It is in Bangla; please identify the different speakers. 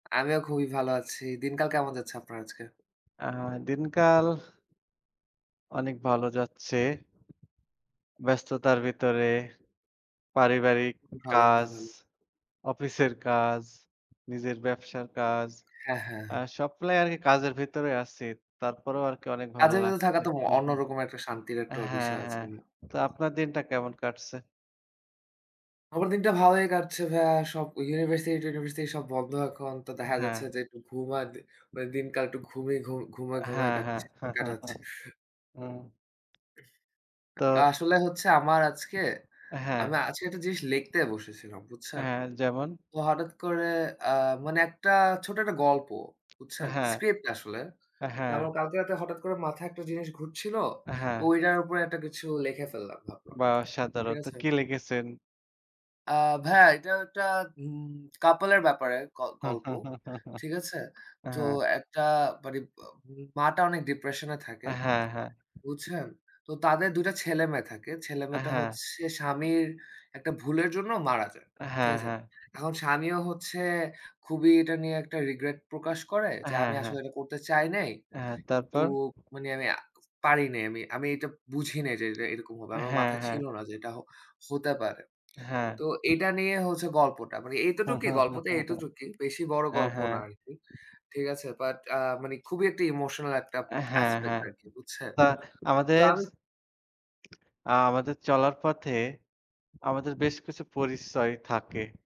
Speaker 1: আমিও খুবই ভালো আছি। দিনকাল কেমন যাচ্ছে আপনার আজকে?
Speaker 2: আ দিনকাল। অনেক ভালো যাচ্ছে। ব্যস্ততার ভিতরে। পারিবারিক
Speaker 1: ভালো খুবই
Speaker 2: কাজ,
Speaker 1: ভালো।
Speaker 2: অফিসের কাজ, নিজের ব্যবসার কাজ।
Speaker 1: হ্যাঁ, হ্যাঁ।
Speaker 2: আ সবগুলাই আর কি কাজের ভিতরে আছি। তারপরেও আরকি অনেক ভালো
Speaker 1: কাজের ভেতর থাকা
Speaker 2: লাগছে।
Speaker 1: তো
Speaker 2: হু,
Speaker 1: অন্য
Speaker 2: হু।
Speaker 1: রকম একটা শান্তির একটা ও
Speaker 2: হ্যাঁ,
Speaker 1: বিষয় আছে।
Speaker 2: হ্যাঁ। তো আপনার দিনটা কেমন কাটছে?
Speaker 1: আমার দিনটা ভালই কাটছে ভাইয়া। সব ইউনিভার্সিটি-টিউনিভার্সিটি সব বন্ধ। এখন তো দেখা
Speaker 2: হ্যাঁ।
Speaker 1: যাচ্ছে যে একটু ঘুম আর দি দিন মানে দিনকাল একটু ঘুমিয়ে ঘুম ঘুমায়ে, ঘুমায়ে
Speaker 2: হ্যাঁ, হ্যাঁ।
Speaker 1: কাটছে, কাটাচ্ছি।
Speaker 2: হু।
Speaker 1: উহ তা
Speaker 2: তো।
Speaker 1: আসলে হচ্ছে আমার আজকে,
Speaker 2: হ্যাঁ।
Speaker 1: আমি আজকে একটা জিনিস লিখতে বসেছিলাম, বুঝছেন?
Speaker 2: হ্যাঁ, যেমন?
Speaker 1: তো হঠাৎ করে আ মানে একটা ছোট একটা গল্প,
Speaker 2: আ
Speaker 1: বুঝছেন? স্ক্রিপ্ট আসলে।
Speaker 2: হ্যাঁ।
Speaker 1: যেমন কালকে রাতে হঠাৎ করে মাথায় একটা জিনিস ঘুরছিল।
Speaker 2: আ হ্যাঁ।
Speaker 1: ওইটার উপরে একটা কিছু লিখে ফেললাম ভাবলাম।
Speaker 2: বা
Speaker 1: ঠিক
Speaker 2: অসাধারন তো
Speaker 1: আছে?
Speaker 2: কি লিখেছেন?
Speaker 1: আ ভাইয়া এটা একটা উম কাপল এর ব্যাপারে ক গল্প। ঠিক আছে?
Speaker 2: আ
Speaker 1: তো
Speaker 2: হ্যাঁ।
Speaker 1: একটা মানি ম্য মা টা অনেক ডিপ্রেশনে
Speaker 2: আ
Speaker 1: থাকে।
Speaker 2: হ্যাঁ, হ্যাঁ।
Speaker 1: বুঝছেন? তো তাদের ২ টা ছেলে-মেয়ে থাকে।
Speaker 2: আ
Speaker 1: ছেলে-মেয়েটা
Speaker 2: হ্যাঁ।
Speaker 1: হচ্ছে স্বামীর একটা ভুলের জন্য মারা যায়। ঠিক
Speaker 2: হ্যাঁ,
Speaker 1: আছে?
Speaker 2: হ্যাঁ।
Speaker 1: এখন স্বামীও হচ্ছে খুবই এটা নিয়ে একটা রিগ্রেট প্রকাশ করে
Speaker 2: আ
Speaker 1: যে
Speaker 2: হ্যাঁ,
Speaker 1: আমি
Speaker 2: হ্যাঁ।
Speaker 1: আসলে এটা করতে চাই নাই।
Speaker 2: অ্যা হ্যাঁ,
Speaker 1: কিন্তু
Speaker 2: তারপর?
Speaker 1: মানে আমি আ পারি নাই। আমি, আমি এটা বুঝি নাই যে এটা, এটা এরকম হবে।
Speaker 2: অ্যা
Speaker 1: আমার
Speaker 2: হ্যাঁ,
Speaker 1: মাথায়
Speaker 2: হ্যাঁ।
Speaker 1: ছিল না যে এটা হ হতে পারে।
Speaker 2: হ্যাঁ।
Speaker 1: তো এটা নিয়ে হচ্ছে গল্পটা। মানে এতোটুকই গল্পটা এতটুকই বেশি বড়
Speaker 2: হ্যাঁ,
Speaker 1: গল্প না
Speaker 2: হ্যাঁ।
Speaker 1: আরকি। ঠিক আছে? বাট আ মানে খুবই একটা ইমোশনাল একটা
Speaker 2: অ্যা হ্যাঁ,
Speaker 1: aspect
Speaker 2: হ্যাঁ।
Speaker 1: আরকি বুঝছেন?
Speaker 2: তা
Speaker 1: তো
Speaker 2: আমাদের স
Speaker 1: আমি
Speaker 2: আ আমাদের চলার পথে, আমাদের বেশ কিছু পরিচয় থাকে।